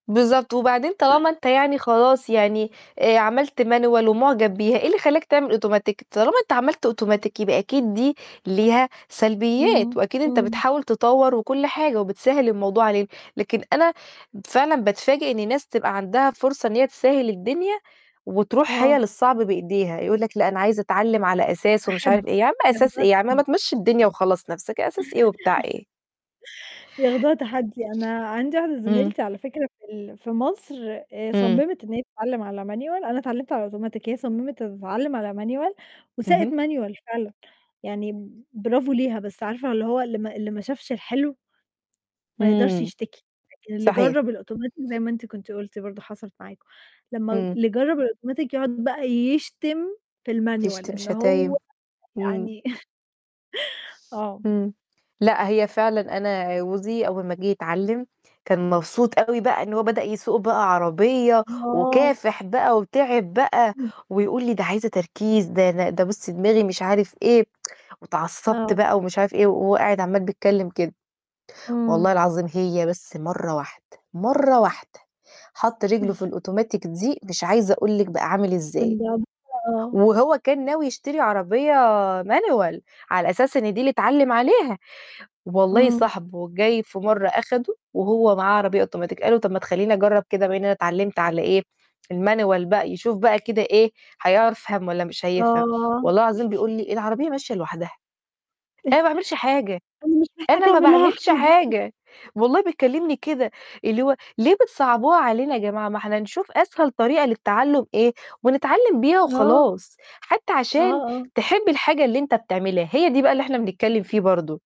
بالضبط، وبعدين طالما أنت يعني خلاص يعني آآ، عملت مانيوال ومعجب بيها، إيه اللي خلّاك تعمل أوتوماتيك؟ طالما أنت عملت أوتوماتيك يبقى أكيد دي ليها سلبيات، امم، وأكيد أنت امم. بتحاول تطوَّر وكل حاجة وبتسهّل الموضوع علينا، لكن أنا فعلًا باتفاجئ إن ناس تبقى عندها فرصة إن هي تسهّل الدنيا وتروح هي آه. للصعب بإيديها، يقول لك: "لأ أنا عايز أتعلم على أساس" ومش عارف تحدي إيه، يا عم أساس إيه؟ ياخدوها يا عم ما تحدي. تمشي الدنيا وخلّص نَفسك، أساس إيه وبتاع إيه؟ ياخدوها تحدي أنا عندي واحدة امم. زميلتي على فكرة في ال في مصر آآ، امم. صممت إن هي تتعلم على مانيوال أنا اتعلمت على أوتوماتيك هي صممت تتعلم على مانيوال اهم. وساقت مانيوال فعلًا، يعني برافو ليها، بس عارفة اللي هو اللي ما اللي ما شافش الحلو ما يقدرش امم يشتكي، لكن اللي صحيح. جرب الأوتوماتيك زي ما أنت كنتِ قُلتِ برضه حصلت معاكم، لمّا امم. اللي جرب الأوتوماتيك يقعد بقى يشتم في المانيوال بيشتم إن شتايم، هو امم. يعني آه. آه. امم لأ، هي فعلًا أنا جوزي أول ما جِه يتعلم، كان مبسوط أوي بقى إن هو بدأ يسوق بقى عربية، آه. وكافح بقى وتعب بقى امم. ويقول لي: "دي عايزة تركيز" ده ده "ده بُصي دماغي" مش عارف إيه "واتعصبت آه. بقى" ومش عارف إيه وهو قاعد عمال بيتكلم كده، والله امم. العظيم هي بس مَرّة واحدة، مَرّة واحدة، حط رجله في الأوتوماتيك دي مش عايزة أقول لِك بقى عامل إزاي. [unintelligible] آه. وهو كان ناوي يشتري عربية مانيوال على أساس إن دي اللي اتعلم عليها، والله امم. صاحبه جاي في مرة أخده وهو معاه عربية أوتوماتيك قال له: "طَب ما تخلّيني أجرب كده بما إن أنا تعلمت على إيه، المانيوال بقى" يشوف بقى كده إيه، هيعر فهم والّا مش هيفهم، آه. والله العظيم بيقول لي: "العربية ماشية لوحدها، أنا ما باعملش حاجة أنا مش محتاج أنا ما أعمل لها باعملش حاجة. حاجة"، والله بيكلمني كده، اللي هو ليه بتصعبوها علينا يا جماعة؟ ما إحنا نشوف أسهل طريقة للتعلم إيه ونتعلم بيها آه. وخلاص، حتى آه عشان آه. تحب الحاجة اللي أنت بتعملها هي دي بقى اللي إحنا بنتكلم فيه برضو.